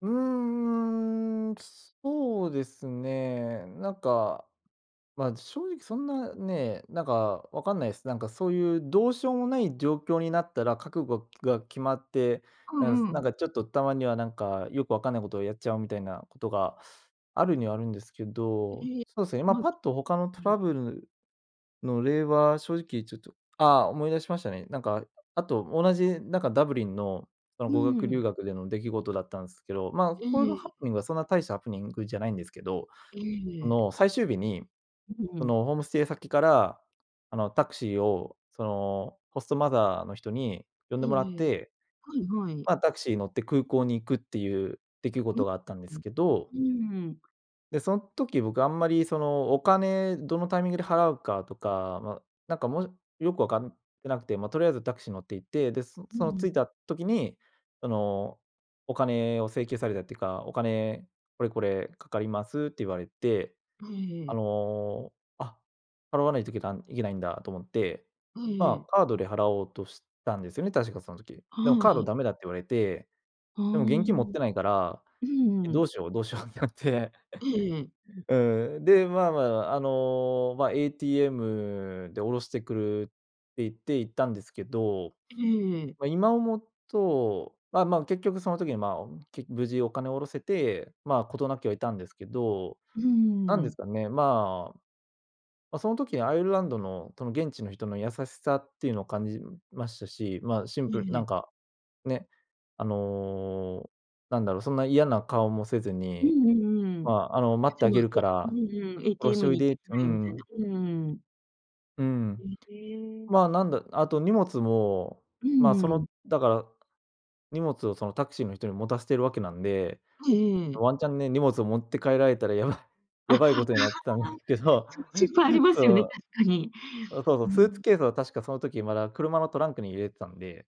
うんうんうん、そうですね、なんか、まあ正直そんなね、なんかわかんないす。なんかそういうどうしようもない状況になったら、覚悟が決まって、うなんんうなんん。かちょっと、たまにはなんか、よくわかんないことをやっちゃうみたいなことが、あるにはあるんですけど、ええ、そうすね、まあまうパッと他のトん。ラブルの例は、正直ちょっとああ思い出しましたね。なんか、あと同じなんかダブリンの、そのん、語う学んう留ん。学での出来事だったんすけど、まあ、このえハえ。プニングはそんな大したハプニングじゃないんですけど、えそえ。の最終日に、うううそん。のホームステイ先から、あの、タクシーをその、ホストマザーの人に呼んう、でもらっええ。て、はいはい。まあ、タクシー乗って空港に行くっていう出来う、事があったんですん。けど。うーん。で、そん時、僕あんまりそのお金どのタイミングで払うかとか、ま、なんかもよくわかってなくて、ま、とりあえずタクシー乗って行って、で、そうその着ん。いた時に、そのお金を請求されたっていうか、「お金、これこれかかります」って言われて、は、えええええあえ。の、あ、払わないといけたん、いけないんだと思って、はい、えまえ。あカードで払おうとしたんですよね、確かその時。でもはカードい。ダメだって言われて、はーでも現金持っん。てないから、うんうんえ、うどんうしよう、どうしようってなって、ええええええ。うん、で、まあまあまあ、あの、まあ ATM で下ろしてくるって言って行ったんですけど、ええええええええ。ま、今思うと、まあまあ、結局その時にまあ、け無事お金を下ろせて、まあ事なきは得たんですけど、うー何ですん。かね、まあ、ま、その時にアイルランドの、その現地の人の優しさっていうのを感じましたし、まあシえンええプルええなえ。んか、ね、あの、なんだろう、そんな嫌な顔もせずうに、んうんうまん。あ、あの、待ってであも、げるえ、かうら、んうん、おろして「ATM おいに行っでてっきてうなよ」みたいな、ん。うんうんうんうん。うん。え、ええ。まあ、なんだあと荷物も、うまあ、んそうの、ん。だから荷物をそのタクシーの人に持たせてるわけなんで、はい、ええええええ。ワンチャンね、荷物を持って帰られたらやばいあ、あやあ、ばいことになってたんですけど、その心配あり まそすよね、の。確かに。あ、そうそうう、スーん。ツケースは確かその時まだ車のトランクに入れてたんで